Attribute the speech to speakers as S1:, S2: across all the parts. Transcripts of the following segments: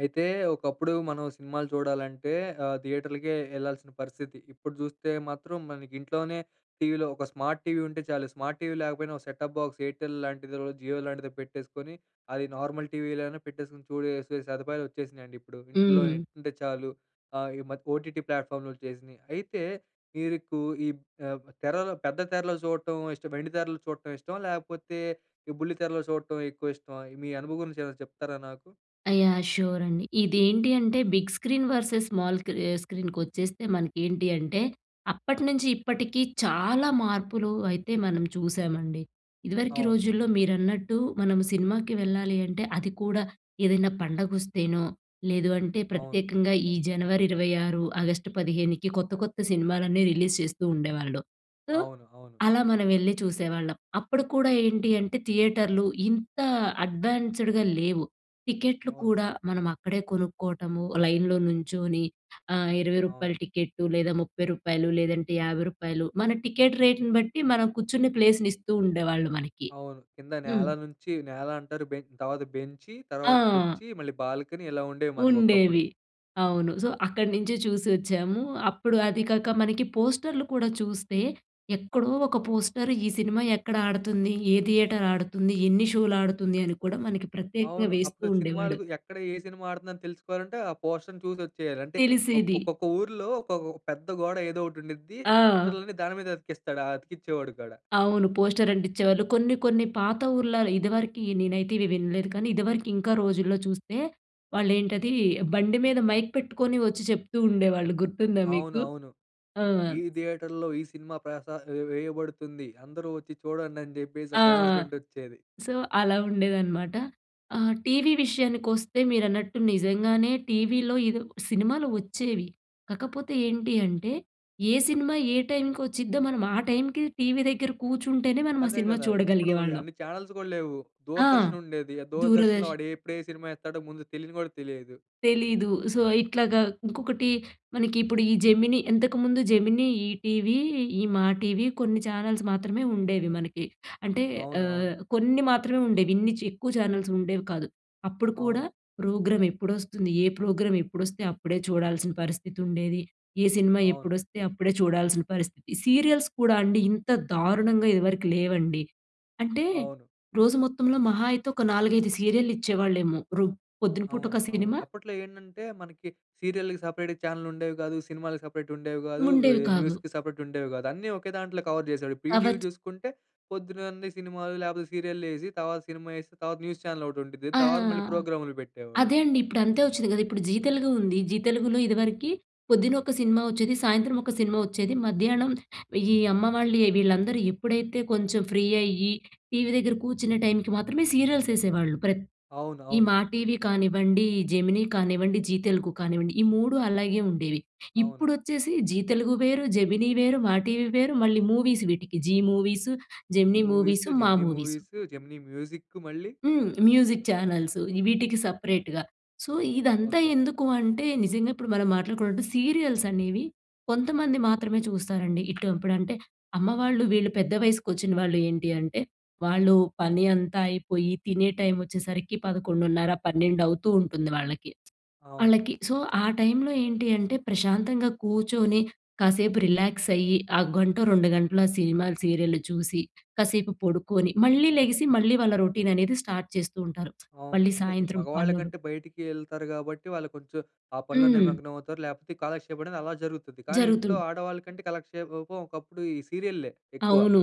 S1: అయితే ఒకప్పుడు మనం సినిమాలు చూడాలంటే ఆహ్, థియేటర్‌లకే వెళ్ళాల్సిన పరిస్థితి. ఇప్పుడు చూస్తే మాత్రం మనకింట్లోనే టీవీలో ఒక స్మార్ట్‌టీవీ ఉంటే చాలు. స్మార్ట్‌టీవీ లేకపోయినా, ఒక సెటాప్ బాక్స్ ఎయిర్టెల్ లాంటిది, జియో లాంటిదో పెట్టేసుకొని అది నార్మల్‌ టీవీలోనే పెట్టేసుకొని చూసేసే సదుపాయాలొచ్చేసినాయండి ఇప్పుడు. ఇంటిలో
S2: హ్మ్.
S1: నెట్ ఉంటే చాలు. ఆహ్, ఈ మధ్య ఓటీటీ ప్లాట్‌ఫాములొచ్చేసినియి. అయితే ఇరుకు ఈబ్ ఆహ్, తెరలో పెద్ద తెరలో చూడటం ఇష్టమా, వెండి తెరలు చూడటం ఇష్టమా? లేపోతే ఈ బుల్లి తెరలో చూడటం ఎక్కువ ఇష్టమా? ఎ మీ అనుభవం గురించి ఏమైనా చెప్తారా నాకు?
S2: యాహ్! షూర్ అండి. ఇదేంటి అంటే బిగ్ స్క్రీన్ వర్సెస్ స్మాల్‌ కీ ఆహ్, స్క్రీనుకొచ్చేస్తే మనకేంటి అంటే, అప్పటి నుంచి ఇప్పటికి చాలా మార్పులు అయితే మనం చూశామండి. ఇదివరకి
S1: అవును.
S2: రోజుల్లో మీరన్నట్టు మనం సినిమాకి వెళ్ళాలి అంటే, అది కూడా ఏదైనా పండగొస్తేనో లేదు అంటే
S1: అవును.
S2: ప్రత్యేకంగా ఈ జనవరి ఇరవై ఆరు, ఆగస్టు పదిహేనికి కొత్త కొత్త సినిమాలన్నీ రిలీజ్ చేస్తూ ఉండేవాళ్ళు. సో,
S1: అవును. అవును.
S2: అలా మనం వెళ్లి చూసేవాళ్ళం. అప్పుడు కూడా ఏంటీ అంటే థియేటర్లు ఇంత అడ్వాన్స్‌డ్‌గా లేవు. టికెట్లు
S1: అవును.
S2: కూడా మనం అక్కడే కొనుక్కోటము లైన్‌లో నుంచొని ఆహ్, రూ. 20
S1: అవును.
S2: రూపాయల టికెట్టు లేదా రూ. 30 రూపాయలు లేదంటే రూ. 50 రూపాయలు మన టికెట్ రేట్‌ని బట్టి మనం కూర్చునే ప్లేస్‌నిస్తూ ఉండేవాళ్ళు మనకి.
S1: అవును. కింద
S2: హ్మ్.
S1: నేల నుంచి నేల అంటరు బెం తర్వాత బెంచి తర్వాత
S2: ఆ!
S1: కుర్చీ మళ్ళీ బాల్కనీ ఇలా ఉండేవి మనకొకప్పుడు.
S2: ఉండేవి. అవును. సో, అక్కడి నుంచే చూసొచ్చాము. అప్పుడు అది కాక మనకి పోస్టర్‌లు కూడా చూస్తే, ఎక్కడో ఒక పోస్టర్ ఈ సినిమా ఎక్కడాడతంది? ఏ థియేటర్ ఆడుతుంది? ఎన్ని షోలాడుతుంది? అని కూడా మనకి ప్రత్యేకంగా
S1: అవును.
S2: వేస్తూ
S1: అప్పుడు
S2: ఉండేవాడు.
S1: సినిమాలకు ఎక్కడ ఏ సినిమా ఆడుతుందని తెలుసుకోవాలంటే ఆ పోస్ట‌ర్‌ని చూసొచ్చేయాలి. అంటే ఒక్
S2: తెలిసేది.
S1: ఒక్కొక్క ఊర్లో ఒకొక పెద్ద గోడ ఏదో ఒకటుండిద్ది
S2: ఆ!
S1: పోస్టర్‌లన్ని దాని మీదే అతికిస్తాడు ఆ అతికిచ్చేవాడు కూడా.
S2: అవును. పోస్టర్ అంటిచ్చేవాళ్ళు. కొన్ని, కొన్ని పాత ఊర్లలో ఇదివరకి నేనైతే ఇవి వినలేదు కానీ, ఇదివరకు ఇంకా రోజుల్లో చూస్తే, వాళ్ళేంటది బండి మీద మైక్ పెట్టుకొని వచ్చి చెప్తూ ఉండేవాళ్ళు. గుర్తుందా మీకు?
S1: అవునవును.
S2: ఆ!
S1: "ఈ థియేటర్‌లో ఈ సినిమా ప్రసా వే వేయబడుతుంది. అందరూ వచ్చి చూడండని" చెప్పేసి ఒక
S2: ఆ!
S1: అనౌన్స్‌మెంట్ వచ్చేది.
S2: సో, అలా ఉండేదనమాట. ఆహ్, టీవీ విషయానికొస్తే మీరన్నట్టు నిజంగానే టీవీలో, ఇదొ సినిమాలు వచ్చేవి కకపోతే ఏంటి అంటే? ఏ సినిమా ఏ టైంకొచ్చిద్దో మనం ఆ టైంకి టీవీ దెగ్గర కూర్చుంటేనే మనమా
S1: అదే
S2: సినిమా
S1: గదా! ఇప్పుడు
S2: చూడగలిగే వాళ్ళం.
S1: అన్ని చానెల్స్ గూడలేవు.
S2: ఆ!
S1: దూరదర్శన్ ఉండేది. ఆ దూరదర్శన్‌లో
S2: దూరదర్శన్.
S1: వాడేప్పుడు ఏ సినిమా ఏత్తాడో ముందు తెలియని గూడా తెలియదు.
S2: తెలీదు. సో, ఇట్లాగా ఇంకొకటి మనకిప్పుడు ఈ జెమినీ ఇంతకుముందు 'జెమినీ', 'ఈ టీవీ', ఈ 'మా టీవీ' కొన్ని ఛానల్స్ మాత్రమే ఉండేవి మనకి. అంటే
S1: అవును. అవును.
S2: ఆహ్, కొన్ని మాత్రమే ఉండేవి ఇన్ని చి ఎక్కువ ఛానల్స్ ఉండేవి కాదు. అప్పుడు కూడా
S1: అవును.
S2: ప్రోగ్రామెప్పుడొస్తుంది? ఏ ప్రోగ్రామ్ ఎప్పుడొస్తే అప్పుడే చూడాల్సిన పరిస్థితుండేది. ఏ సినిమా
S1: అవును.
S2: ఎప్పుడొస్తే అప్పుడే చూడాల్సిన పరిస్థితి. సీరియల్స్ కూడా అండి ఇంత దారుణంగా ఇదివరకు లేవండి. అంటే,
S1: అవును.
S2: రోజు మొత్తంలో మహా అయితే ఒక 4, 5 సీరియల్లిచ్చేవాళ్ళేమో. రూ పొద్దున
S1: అవును.
S2: పూటొక
S1: అవును.
S2: సినిమా
S1: అప్పట్లో ఏంటంటే మనకి సీరియల్‌కి సపరేట్‌గా చానెల్ ఉండేవి గాదు. సినిమాలకి సపరేట్ ఉండేవి గాదు.
S2: ఉండేవి
S1: ఆహ్,
S2: కావు.
S1: న్యూస్‌కి సపరేట్ ఉండేవి గాదు. అన్ని ఒకే దాంట్లో కవర్ జేసాడు. ఇప్పుడు ఈటీవి
S2: [unintelligible]
S1: జుసుకుంటే పొద్దునన్ని సినిమాలు లేపోతే సీరియల్లేసి తర్వాత సినిమా ఏసి తర్వాత న్యూస్ చానెల్ ఒకటి ఉండిద్ది.
S2: ఆహా!
S1: తర్వాత మళ్ళీ ప్రోగ్రామ్‌లు పెట్టేవాడు.
S2: అదే అండి. ఇప్పుడంతే వచ్చిద్ది గదా! ఇప్పుడు 'జీ తెలుగు' ఉంది. 'జీ తెలుగులో' ఇదివరకి పొద్దునొక సినిమా వచ్చేది. సాయంత్రం ఒక సినిమా వచ్చేది. మధ్యానం ఈ అమ్మ వాళ్ళే వీళ్ళందరూ ఎప్పుడైతే కొంచెం ఫ్రీ అయ్యి టీవీ దెగ్గర కూర్చునే టైమ్ మాత్రమే సీరియల్స్ ఎసేవాళ్ళు. ప్రత్
S1: అవును.
S2: ఈ
S1: అవును.
S2: 'మా టీవీ' కానివ్వండి, 'జెమినీ' కానివ్వండి 'జీ తెలుగు' కానివ్వండి ఈ 3 అలాగే ఉండేవి.
S1: అవును.
S2: ఇప్పుడొచ్చేసి 'జీ తెలుగు' వేరు, 'జెమినీ' వేరు, 'మా టీవీ' వేరు, మళ్ళీ మూవీస్ వీటికి 'Zee movies',
S1: 'Zee
S2: 'Gemini movies',
S1: movies',
S2: 'Maa
S1: 'Gemini
S2: movies'.
S1: Movies', 'Gemini music' మళ్ళీ.
S2: హ్మ్. మ్యూజిక్ ఛానల్సు ఇ వీటికి సపరేట్‌గా. సో, ఇదంతా
S1: ఓకె.
S2: ఎందుకూ అంటే? నిజంగా ఇప్పుడు మనం మాట్లాడుకున్నట్టు సీరియల్స్ అనేవి కొంతమంది మాత్రమే చూస్తారండి. ఇటు ఇప్పుడంటే అమ్మ వాళ్ళు వీళ్ళు పెద్ద వయస్సుకొచ్చిన వాళ్ళు ఏంటి అంటే, వాళ్ళు పని అంతా అయిపోయి తినే టైమొచ్చేసరికి 11:30, పన్నెండవుతూ ఉంటుంది వాళ్ళకి.
S1: అవును.
S2: ఆళ్ళకి సో, ఆ టైమ్‌లో ఏంటి అంటే ప్రశాంతంగా కూర్చొని కాసేపు రిలాక్స్ అయ్యి, ఆ గంటో 2:00 గంటలో ఆ సినిమాలు, సీరియల్లు చూసి, కాసేపు పడుకొని, మళ్ళి లెగిసి మళ్ళీ వాళ్ళ రొటీన్ అనేది స్టార్ట్ చేస్తూ ఉంటారు.
S1: అవును.
S2: మళ్ళి
S1: అంటే ఈ
S2: సాయంత్రం పనులు
S1: మగవాళ్ళకంటే బయటికి ఎళ్తారు గాబట్టి వాళ్ళు కొంచెం ఆ పనిలో
S2: హ్మ్.
S1: నిమగ్నమవుతారు లేకపోతే ఈ కాలక్షేపం అనేది అలా జరుగుతుది. కానీ
S2: జరుగుతుం
S1: ఇంట్లో ఆడవాళ్ళకంటే కలక్షే ఒ ఒ పం ఒకప్పుడు ఈ సీరియల్లే ఎక్కువ...
S2: అవును.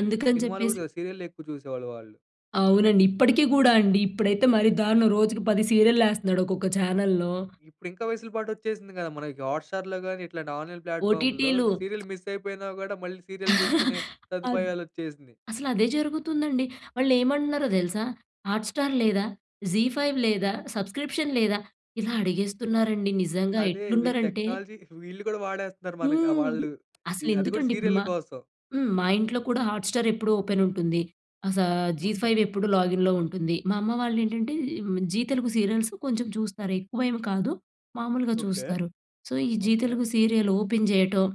S2: అందుకని
S1: సినిమాలు గూడా
S2: చెప్పేసి
S1: కాదు సీరియల్లే ఎక్కువ చూసేవాళ్ళు వాళ్ళు.
S2: అవునండి. ఇప్పటికి కూడా అండి, ఇప్పుడైతే మరి దారుణం. రోజుకి 10 సీరియలేస్తున్నాడు, ఒక్కొక్క ఛానల్‌లో.
S1: ఇప్పుడు ఇంకా, వేసులపాటు వచ్చేసింది కదా! మనకి హాట్ స్టార్‌లో గాని, ఇట్లాంటి ఆన్లైన్ ప్లాట్ఫామ్‌లో,
S2: ఓటీటీలు.
S1: సీరియల్ మిస్ అయిపోయినా కూడా, మళ్ళీ సీరియల్ చూసుకునే
S2: అద్
S1: సదుపాయాలు వచ్చేసినయి.
S2: అసల అదే జరుగుతుందండి. వాళ్ళు ఏమంటున్నారో తెలుసా! హాట్ స్టార్ లేదా? జీ ఫైవ్ లేదా? సబ్స్క్రిప్షన్ లేదా? ఇలా అడిగేస్తున్నారండి. నిజంగా
S1: అదే, వీళ్ళు
S2: ఎట్లున్నరంటే.
S1: టెక్నాలజీ వీళ్ళు కూడా వాడేస్తున్నరు. మనక ఆహ్,
S2: హ్మ్.
S1: వాళ్ళు.
S2: అసలు
S1: ఇగ అది కూడా
S2: ఎందుకండి ఇప్పుడు
S1: సీరియళ్లు
S2: మా
S1: కోసం.
S2: హ్మ్. మా ఇంట్లో కూడా హాట్ స్టార్ ఎప్పుడు ఓపెన్ ఉంటుంది. అస జీ
S1: ఓకె.
S2: ఫైవ్ ఎప్పుడు లాగిన్‌లో ఉంటుంది. మా అమ్మ వాళ్ళు ఏంటంటే, ఆహ్, జీ తెలుగు సీరియల్స్ కొంచెం చూస్తనారు. ఎక్కువ ఏమి కాదు. మామూలుగా
S1: ఓకె.
S2: చూస్తారు. సో, ఈ Zee
S1: okay.
S2: Telugu serial open చేయటం,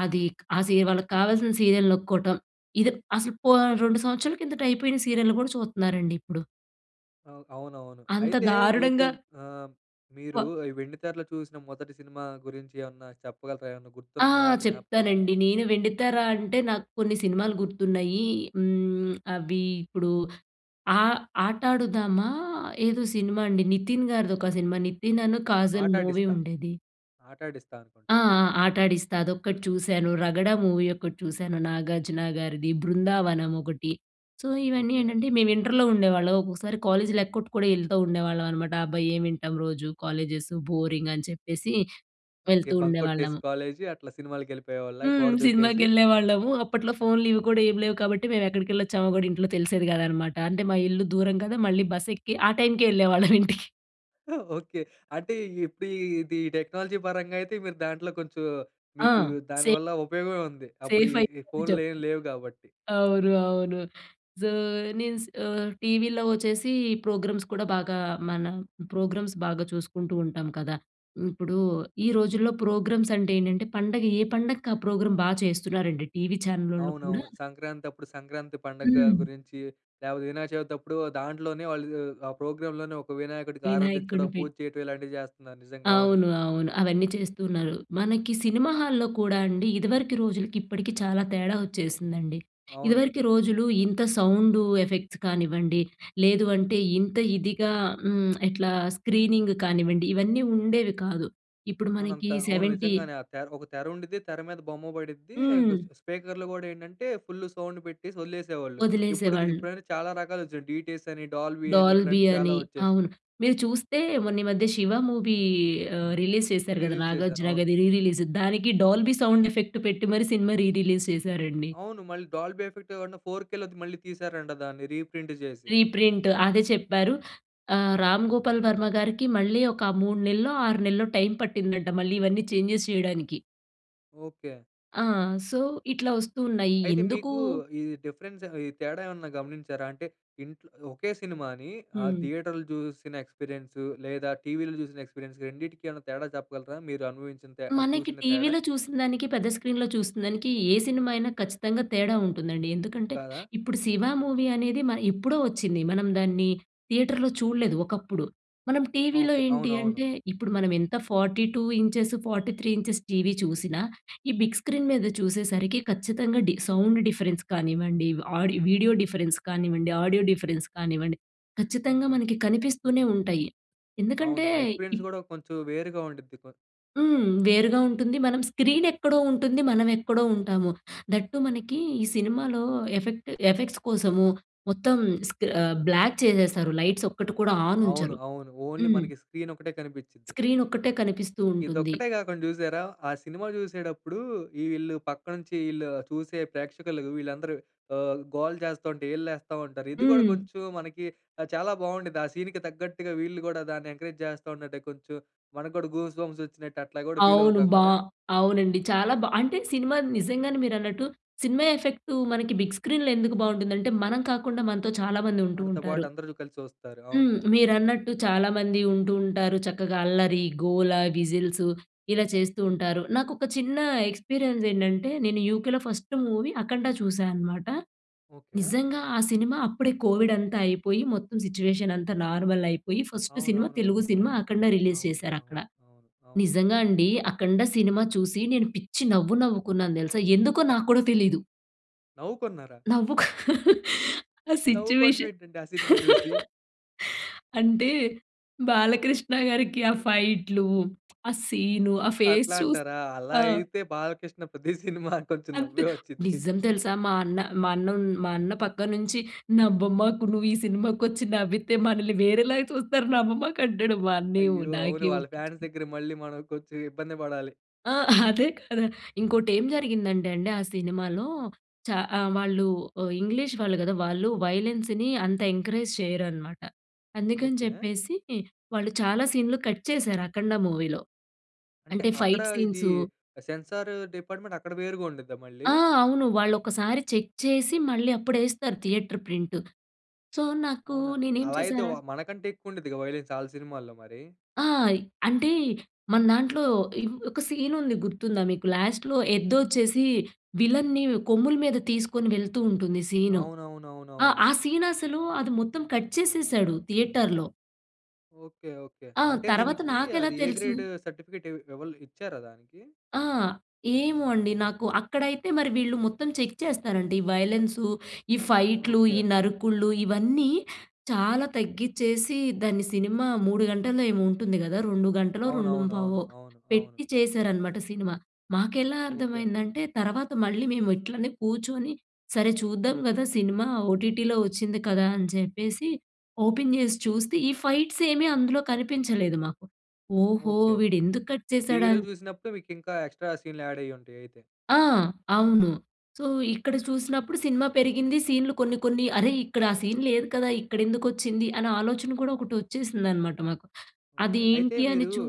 S2: అదిక్ ఆ సీయ వాళ్ళకి కావాల్సిన సీరియల్ నొక్కోటం. ఇదేప్ అసలు పోన్ 2 సంవత్సరాల కిందట అయిపోయిన, సీరియల్‌లు కూడా, చూత్నారండి, ఇప్పుడు.
S1: అవు అవునవును.
S2: అంత
S1: అయితే,
S2: దారుణంగా
S1: మీకుమ్ ఆహ్, మీరు
S2: వ
S1: ఈ వెండితెరలో చూసిన, మొదటి సినిమా గురించి ఏమన్నా చెప్పగలరా? ఏమన్నా
S2: ఆ!
S1: గుర్తుందా, ఆ జ్ఞాపకం?
S2: చెప్తానండి. నేను వెండితెర అంటే, నాకు కొన్ని సినిమాలు గుర్తున్నాయి. హ్మ్, అవి ఇప్పుడు, ఆహ్, 'ఆట ఆడుదామా' ఏదో సినిమా అండి? నితిన్ గారిదోక సినిమా. నితిన్‌నను, కాజల్ మూవీ
S1: 'ఆటాడిస్తా',
S2: ఉండేది.
S1: 'ఆటాడిస్తా'
S2: ఆ!
S1: అనుకుంటా.
S2: ఆ! 'ఆట ఆడిస్తా' అదొక్కటి చూశాను, 'రగడ' మూవీ ఒకటి చూశాను, నాగార్జున గారిది. 'బృందావనం' ఒకటి. సో, ఇవన్నీ
S1: ఓకె.
S2: ఏంటంటే, మేము ఇంటర్‌లో ఉండేవాళ్ళం. ఒక్కోసారి, కాలేజీలేక్కొట్టు కూడా, ఎళ్తా ఉండేవాళ్ళం అనమాట. అబ్బా! ఏం వింటాం రోజు కాలేజెసు, బోరింగ్ అని చెప్పేసి,
S1: ఓకె.
S2: వెళ్తూ
S1: బంకొట్టేసి
S2: ఉండేవాళ్ళము.
S1: కాలేజీ. అట్లా సినిమాలకి వెళ్ళిపోయేవాళ్లా,
S2: హ్మ్,
S1: గోడ దూకేసి?
S2: సినిమాకేళ్ళేవాళ్ళము. అప్పట్లో ఫోన్‌లివి కూడా, ఏమి లేవు కాబట్టి, మేము ఎక్కడికి వెళ్ళోచ్చామో కూడా, ఇంట్లో తెలిసేది కాదనమాట. అంటే మా ఇల్లు దూరం కదా! మళ్ళీ బస్ ఎక్కి, ఆ టైమ్‌కే వెళ్ళేవాళ్ళం ఇంటికి.
S1: ఆ! ఓకే. అంటే ఇప్పుడు ఇది టెక్నాలజీ పరంగా అయితే మీరు దాంట్లో కొంచెం
S2: ఆ!
S1: మీకు దాని
S2: సేఫ్.
S1: వల్ల ఉపయోగమే ఉంది. అప్పుడు
S2: సేఫ్
S1: ఈ ఈ
S2: అయ్యాం అని
S1: ఫోన్లు ఏం
S2: చెప్పొచ్చు.
S1: లేవు కాబట్టి.
S2: అవును. అవును. సో నేను స్ ఆహ్, టీవీలో వచ్చేసి ఈ ప్రోగ్రామ్స్ కూడా బాగా మనం ప్రోగ్రామ్స్ బాగా చూసుకుంటూ ఉంటాం కదా! ఇప్పుడు ఈ రోజుల్లో ప్రోగ్రామ్స్ అంటే ఏంటంటే పండగ ఏ పండగకి ఆ ప్రోగ్రామ్ బా చేస్తున్నారండి టీవీ ఛానలోళ్ళు కూడా
S1: అవునవును. సంక్రాంతప్పుడు సంక్రాంతి పండుగ
S2: హ్మ్.
S1: గురించి. లేపోతే వినాయక చవితి అప్పుడు దాంట్లోనే వాళ్ళు ఆ ప్రోగ్రాంలోనే ఒక వినాయకుడికి ఆరాధించడం,
S2: వినాయకుడిని పె
S1: పూజ చేయడం ఇలాంటివి చేస్తున్నారు. నిజంగా అవును.
S2: అవును. అవును. అవన్నీ చేస్తూ ఉన్నారు. మనకి సినిమా హాల్‌లో కూడా అండి ఇదివరకి రోజులకి, ఇప్పటికి చాలా తేడా వచ్చేసిందండి.
S1: అవును.
S2: ఇదివరకి రోజులు ఇంత సౌండ్ ఎఫెక్ట్స్ కానివ్వండి లేదు అంటే ఇంత ఇదిగా హ్మ్. ఎట్లా స్క్రీనింగ్ కానివ్వండి ఇవన్నీ ఉండేవి కాదు. ఇప్పుడు
S1: అవును.
S2: మనకి
S1: అంత అవును.
S2: సెవెంటీ
S1: నిజంగానే ఆ తెర్ ఒక తెర ఉండిద్ది. తెర మీద బొమ్మ పడిద్ది. ఇంకా
S2: హ్మ్.
S1: స్ స్పీకర్లు గూడా ఏంటంటే ఫుల్ సౌండ్ పెట్టేసి వదిలేసేవాళ్ళు. ఇపుడు
S2: వదిలేసేవాళ్ళు.
S1: ఇప్పుడయితే చాలా రకాలుగా వచ్చినాయి డిటిఎస్ అని డాల్బీ అని
S2: డాల్బీ
S1: ఇట్లాంటివి చాలా
S2: అని.
S1: వచ్చేసినాయి.
S2: అవును. మీరు చూస్తే మొన్న ఈ మధ్య 'శివ' మూవీ ఆహ్, రిలీస్ చేశారు కదా
S1: రిలీజ్ చేసారు.
S2: 'నాగార్జున'
S1: అవును.
S2: గారిది రీ రిలీస్ దానికి డాల్బీ సౌండ్ ఎఫెక్ట్ పెట్టి మరి సినిమా రీ రిలీస్ చేసారండి.
S1: అవును. మళ్ళీ డాల్బీ ఏఫెక్ట్ గాకుండా ఫోర్ కెలో అది మళ్ళీ తీశారంట దాన్ని రీప్రింట్ చేసి.
S2: రీప్రింట్ అదే చెప్పారు. ఆహ్, 'రామ్ గోపాల్ వర్మ' గారికి మళ్ళీ ఒక 3 నెల్లో 6 నెల్లో టైం పట్టిందంట. మళ్ళీ ఇవన్నీ చేంజెస్ చేయడానికి.
S1: ఓకె.
S2: ఆ! సో, ఇట్లా వస్తున్నాయి
S1: అయితే
S2: ఎందుకు?
S1: మీకు, ఈ డిఫరెన్స్ ఈ తేడా ఏమైనా గమనించారా? అంటే, ఇంట్లో ఒకే సినిమాని, ఆ
S2: హ్మ్.
S1: థియేటర్‌లో చూసిన ఎక్స్‌పీరియన్సు లేదా టీవీ‌లో చూసిన ఎక్స్‌పీరియన్స్‌కి రెండిటికి ఏమైనా తేడా చెప్పగలరా? మీరు అనుభవించిన తె
S2: మనకి
S1: చూసిన తేడా.
S2: టీవీలో చూసినదానికి, పెద్ద స్క్రీన్‌‌లో చూసినదానికి, ఏ సినిమా అయినా ఖచ్చితంగా తేడా ఉంటుందండి. ఎందుకంటే,
S1: కాదా?‌
S2: ఇప్పుడు 'శివ' మూవీ అనేది మ ఎప్పుడో వచ్చింది. మనం దాన్ని థియేటర్‌లో చూడలేదు, ఒకప్పుడు. మనం టీవీలో
S1: ఓకే.
S2: ఏంటి
S1: అవునవును.
S2: అంటే ఇప్పుడు మనం ఎంత 42 ఇంచెస్, 43 ఇంచెస్ టీవీ చూసినా, ఈ బిగ్ స్క్రీన్ మీద చూసేసరికి ఖచ్చితంగా, డి సౌండ్ డిఫరెన్స్ కానివ్వండి, ఆడియో వీడియో డిఫరెన్స్ కానివ్వండి, ఆడియో డిఫరెన్స్ కానివ్వండి, ఖచ్చితంగా మనకి కనిపిస్తూనే ఉంటాయి. ఎందుకంటే
S1: అవును. ఆ ఎక్స్‌పీరియన్స్
S2: ఇప్
S1: కూడా కొంచెం వేరుగా ఉండుద్ది. కొ
S2: హ్మ్. వేరుగా ఉంటుంది. మనం స్క్రీన్ ఎక్కడో ఉంటుంది, మనం ఎక్కడో ఉంటాము. దట్ టు మనకి, ఈ సినిమాలో ఎఫెక్ట్ ఎఫెక్ట్స్ కోసము మొత్తం స్క్రీ బ్లాక్ చేసేస్తారు. లైట్స్ ఒక్కటి కూడా ఆన్
S1: అవును.
S2: ఉంచరు.
S1: అవును. ఓన్లీ
S2: హ్మ్.
S1: మనకి స్క్రీన్ ఒకటే కనిపించిది.
S2: స్క్రీన్ ఒక్కటే కనిపిస్తూ ఉంటుంది.
S1: ఇదొక్కటే కాకుండా చూసారా? ఆ సినిమా చూసేటప్పుడు, ఈళ్ళు పక్కనుంచి, ఈళ్ళు చూసే ప్రేక్షకులు వీళ్ళందరూ ఆహ్, గోల చేస్తుంటే, ఈలలు వేస్తా ఉంటారు. ఇది కూడా
S2: హ్మ్.
S1: కొంచెం మనకి ఆహ్, చాలా బాగుండేది. ఆ సీన్‌కి తగ్గట్టుగా వీళ్ళు కూడా దాన్ని ఎంకరేజ్ చేస్తా ఉంటంటే, కొంచెం మనకు కూడా గూస్‌బంప్స్ వచ్చినట్టు అట్లా కూడా ఫీల్
S2: అవును.
S1: అవుతాం
S2: బ
S1: కదా!
S2: అవునండి. చాలా బా అంటే సినిమా నిజంగానే మీరన్నట్టు. సినిమా ఎఫెక్టు మనకి బిగ్ స్క్రీన్‌లో ఎందుకు బాగుంటుందంటే, మనం కాకుండా మనతో చాలా మంది ఉంటూ
S1: మనతో పాటు
S2: ఉంటారు.
S1: అందరూ కలిసి చూస్తారు. అవును.
S2: హ్మ్. మీరన్నట్టు చాలామంది ఉంటూ ఉంటారు. చక్కగా అల్లరి, గోల, విజిల్సు ఇలా చేస్తూ ఉంటారు. నాకొక చిన్న ఎక్స్‌పీరియన్స్ ఏంటంటే నేను యూకేలో ఫస్ట్ మూవీ 'అఖండ' చూశానమాట.
S1: ఓకె.
S2: నిజంగా ఆ సినిమా అప్పుడే కోవిడ్ అంతా అయిపోయి, మొత్తం సిట్యుయేషన్ అంతా నార్మల్ అయిపోయి, ఫస్ట్ సినిమా, తెలుగు
S1: అవునవునవును.
S2: సినిమా
S1: అవును.
S2: 'అఖండ' రిలీజ్
S1: అవును.
S2: చేశారు అక్కడ.
S1: అవును. అవును. అవును.
S2: నిజంగా అండి. 'అఖండ' సినిమా చూసి నేను పిచ్చి నవ్వు, నవ్వుకున్నాను తెలుసా! ఎందుకో నాకు కూడా తెలీదు.
S1: నవ్వుకున్నారా?
S2: నవ్వుకు. ఆ
S1: నవ్వుకోవడం
S2: సిచ్యుయేషన్
S1: ఏంటండి ఆ సినిమా చూసి?
S2: అంటే బాలకృష్ణ గారికి ఆ ఫైట్‌లు, ఆ సీను, ఆ ఫేస్
S1: అట్లా
S2: చూసి
S1: అంటారా? అలా
S2: ఆ!
S1: అయితే బాలకృష్ణ ప్రతి సినిమా కొంచెం
S2: అంతే.
S1: నవ్వే వొచ్చిద్ది.
S2: నిజం తెలుసా మా అన్న, మా అన్న, ఉన్ మా అన్న "పక్కన నుంచి నవ్వమాకు. నువ్వు ఈ సినిమాకొచ్చి నవ్వితే మనల్ని వేరేలాగా చూస్తారు. నవ్వమాకు" అంటాడు. మా అన్నయ్య
S1: అయ్యో! అవును.
S2: నాకేమో
S1: వాళ్ళ ఫాన్స్ దగ్గర మళ్ళి మనం కొంచెం ఇబ్బంది పడాలి.
S2: ఆ! అదే గదా! ఇంకోటి ఏం జరిగిందంటే అండి ఆ సినిమాలో, చా ఆహ్, వాళ్ళు ఆహ్, ఇంగ్లీష్ వాళ్ళు గదా! వాళ్ళు వయలెన్స్‌ని అంత ఎంకరేజ్ చేయరనమాట. అందుకని
S1: ఓకే.
S2: చెప్పేసి వాళ్ళు చాలా సీన్‌లు కట్ చేసారు 'అఖండ' మూవీలో.
S1: అంటే
S2: అంటే
S1: అక్కడ
S2: ఫైట్
S1: ఇది
S2: సీన్సు
S1: సెన్సారు డిపార్ట్‌మెంట్ అక్కడ వేరుగా ఉండిద్దా మళ్ళీ?
S2: ఆ! అవును. వాళ్ళు ఒకసారి చెక్ చేసి, మళ్ళీ అప్పుడు వేస్తారు థియేటర్ ప్రింట్. సో, నాకు
S1: అవునా!
S2: నేనేం
S1: అలా అయితే
S2: చేశాన
S1: వ మనకంటే ఎక్కువ ఉండిద్దిగా వయలెన్స్ ఆళ్ల సినిమాల్లో మరి.
S2: ఆ! అంటే మన దాంట్లో ఈ ఒక సీన్ ఉంది గుర్తుందా మీకు? లాస్ట్‌లో ఎద్దొచ్చేసి విలన్ని కొమ్ముల మీద తీసుకొని వెళ్తూ ఉంటుంది సీను. ఆ!
S1: అవునవునవునవును.
S2: ఆ సీన్ అసలు అది మొత్తం కట్ చేసేసాడు థియేటర్‌లో.
S1: ఓకె. ఓకె.
S2: ఆ!
S1: అంటే
S2: తర్వాత
S1: దీనికి
S2: నాకెలా
S1: అది ఏ
S2: తెలుసిన్
S1: గ్రేడ్ సర్టిఫికేట్ ఎవల్లు ఇచ్చారా దానికి?
S2: ఆ! ఏమో అండి? నాకు అక్కడైతే మరి, వీళ్ళు మొత్తం చెక్ చేస్తారండి. వయలెన్సు, ఈ ఫైట్‌లు, ఈ
S1: ఓకె.
S2: నరుకుళ్లూ, ఇవన్నీ చాలా తగ్గిచేసి, దాన్ని సినిమా 3 గంటల్లో ఏమో, ఉంటుంది కదా! 2 గంటలో, రెండుం
S1: అవునవును. అవును,
S2: పావో
S1: అవును.
S2: పెట్టి చేశారనమాట, సినిమా. మాకెలా
S1: ఓకె.
S2: అర్థమైందంటే, తర్వాత మళ్ళీ మేము ఇట్లనే కూర్చొని, సరే! చూద్దాం కదా! సినిమా ఓటీటీలో వచ్చింది కదా! అని చెప్పేసి, ఓపెన్ చేసి చూస్తే, ఈ ఫైట్స్ ఏమీ అందులో కనిపించలేదు, మాకు. ఓహో!
S1: ఓకె.
S2: వీడు ఎందుకు కట్
S1: టీవీలో
S2: చేసాడన్
S1: చూసినప్పుడు, మీకు ఇంకా ఎక్స్ట్రా సీన్‌లు యాడయ్యుంటాయి అయితే.
S2: ఆ! అవును. సో, ఇక్కడ చూసినప్పుడు, సినిమా పెరిగింది. సీన్‌లు కొన్ని, కొన్ని "అరె! ఇక్కడ ఆ సీన్ లేదు కదా! ఇక్కడ ఎందుకు వచ్చింది" అని ఆలోచన కూడా, ఒకటి వచ్చేసిందన్నమాట మాకు. అది
S1: ఓకె. అయితే
S2: ఏంటి అని,
S1: మీరు,
S2: చూ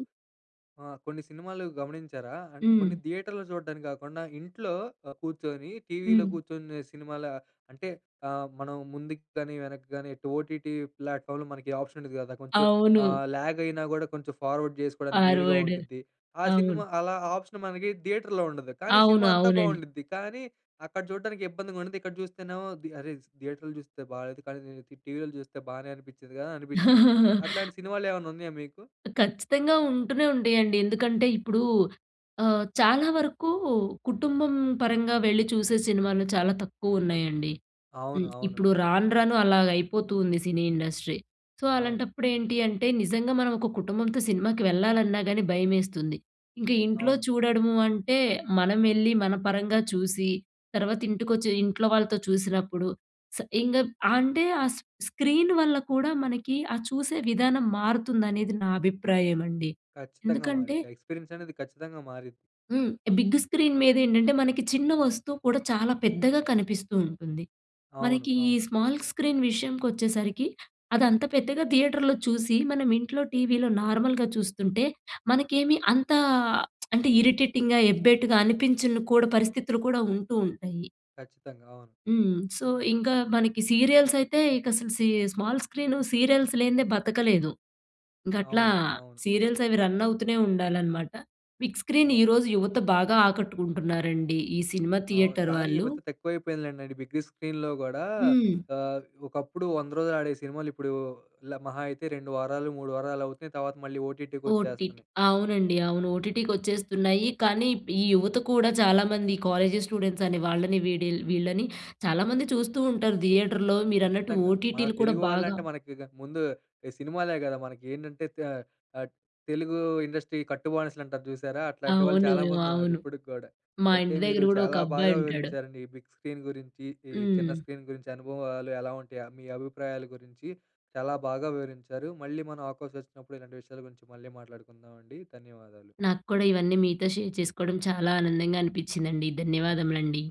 S1: ఆ! కొన్ని సినిమాలు గమనించారా? అంట్ కొన్ని
S2: హ్మ్.
S1: థియేటర్‌లు చూడడానికి కాకుండా, ఇంట్లో ఆహ్, కూర్చొని, టీవీలో
S2: హ్మ్.
S1: కూర్చొనే సినిమాల అంటే, ఆహ్, మనం ముందుకు కాని, వెనక్కి కాని, ఓటీటీ ప్లాట్ఫామ్‌లో మనకి ఆప్షన్ ఉండిది కదా! కొంచెం
S2: అవును.
S1: ఆహ్, లాగ్ అయినా కూడా, కొంచెం ఫార్వర్డ్ చేసుకోవడానికి వీలుగా
S2: ఫార్వార్డ్.
S1: ఉండిది. ఆ సినిమా
S2: అవును.
S1: అలా, ఆప్షన్ మనకి దియేటర్‌లో ఉండదు. కానీ
S2: అవును.
S1: సినిమా అంతా
S2: అవునండి.
S1: బాగుండిద్ది. కానీ అక్కడ చూడ్డానికి ఇబ్బందిగా ఉండది, ఇక్కడ చూస్తేనేమో ది అరే! దియేటర్లో చూస్తే బాగాలేదు. కానీ ని ని టీవీలో చూస్తే, బాగానే అనిపించింది కదా! అనిపించిద్ది. అట్లాంటి సినిమాలేమన్నా, ఉన్నాయా మీకు?
S2: ఖచ్చితంగా! ఉంటూనే, ఉంటాయండి. ఎందుకంటే, ఇప్పుడు ఆహ్, చాలా వరకు కుటుంబం పరంగా వెళ్లి, చూసే సినిమాలు చాలా తక్కువ ఉన్నాయండి.
S1: అవును,
S2: హ్మ్.
S1: అవును.
S2: ఇప్పుడు రాను, రాను అలాగా అయిపోతూ ఉంది, సినీ ఇండస్ట్రీ. సో,
S1: అవును.
S2: అలాంటప్పుడు ఏంటి అంటే, నిజంగా మనం ఒక కుటుంబంతో సినిమాకి వెళ్లాలన్నా గాని, భయమేస్తుంది. ఇంకా ఇంట్లో
S1: అవును.
S2: చూడడము అంటే, మనం వెళ్లి, మన పరంగా చూసి, తర్వాత ఇంటికోచ్చి, ఇంట్లో వాళ్ళతో చూసినప్పుడు స ఇంగప్ అంటే, ఆ స్ స్క్రీన్ వల్ల కూడా మనకి, ఆ చూసే విధానం మారుతుందనేది, నా అభిప్రాయమండి.
S1: ఖచ్చితంగా!
S2: ఎందుకంటే
S1: మారిద్ది. ఆ ఎక్స్పీరియన్స్ అనేది ఖచ్చితంగా! మారిద్
S2: హ్మ్. బిగ్ స్క్రీన్ మీద ఏంటంటే, మనకి చిన్న వస్తువు కూడా, చాలా పెద్దగా కనిపిస్తూ ఉంటుంది.
S1: అవును,
S2: మనకి ఈ
S1: అవును.
S2: స్మాల్ స్క్రీన్ విషయంకోచ్చేసరికి, అదంత పెద్దగా థియేటర్‌లో చూసి, మనం ఇంట్లో టీవీలో నార్మల్‌‌గా చూస్తుంటే, మనకేమీ అంతా అంటే, ఇరిటేటింగ్‌గా, ఎబ్బేటుగా అనిపించను కూడా, పరిస్థితులు కూడా ఉంటూ, ఉంటాయి.
S1: ఖచ్చితంగా. అవును.
S2: హ్మ్. సో, ఇంకా మనకి సీరియల్స్ అయితే, ఇక అసలు సీ స్మాల్ స్క్రీను సీరియల్స్ లేనిదే, బ్రతకలేదు. గట్లా
S1: అవును. అవును.
S2: సీరియల్స్ అవి రన్ అవుతూనే ఉండాలన్నమాట. Big screen
S1: okay.
S2: ఈరోజు యువత బాగా ఆకట్టుకుంటున్నారండి. ఈ సినిమా
S1: అవును.
S2: థియేటర్
S1: కానీ, ఈ
S2: వాళ్ళు.
S1: మధ్య తక్కువైపోయింది లెండి అండి, బిగు స్క్రీన్‌లో గూడా
S2: హ్మ్.
S1: ఆహ్, ఒకప్పుడు 100 రోజులు ఆడే సినిమాలు, ఇప్పుడూ ల మహా అయితే 2 వారాలు 3 వారాలు అవుతున్నాయి. తర్వాత మళ్ళీ
S2: ఓటీటీ
S1: ఓటీటీకొచ్చేస్తన్నాయి.
S2: అవునండి, అవును. ఓటీటీకొచ్చేస్తున్నాయి కానీ, ఇప్ ఈ యువత కూడా చాలామంది కాలేజీ స్టూడెంట్స్ అని, వాళ్ళని వీడిల్ వీళ్ళని, చాలామంది చూస్తూ ఉంటారు. థియేటర్‌లో మీరన్నట్టు
S1: ఖచ్చితంగా. మన
S2: ఓటీటీలు కూడా
S1: తెలుగు వాళ్ళు
S2: బాగా.
S1: అంటే, మనకిక ముందు ఈ సినిమాలే కదా! మనకి. ఏంటంటే, త ఆహ్, తెలుగూ ఇండస్ట్రీ కట్టు బానిసలు అంటారు చూసారా? అట్లాంటి వాళ్ళు
S2: అవును.
S1: చాలా మందున్నారు,
S2: అవును.
S1: ఇప్పటికి కూడా.
S2: మా
S1: అయితే
S2: ఇంటి
S1: మీరు
S2: దగ్గర కూడా ఒక
S1: చాలా బాగా
S2: అబ్బాయి ఉంటాడు.
S1: వివరించారండి. ఈ బిగ్ స్క్రీన్ గురించి, ఈ చిన్న
S2: హ్మ్.
S1: స్క్రీన్ గురించి, అనుభవాలు ఎలా ఉంటాయ, మీ అభిప్రాయాల గురించి చాలా బాగా వివరించారు. మళ్ళీ మనం అవకాశం వచ్చినప్పుడు, ఇలాంటి విషయాల గురించి మళ్ళీ మాట్లాడుకుందామండి. ధన్యవాదాలు.
S2: నాకు కూడా ఇవన్నీ మీతో షేర్ చేసుకోవడం చాలా ఆనందంగా అనిపించిందండి. ధన్యవాదములండి.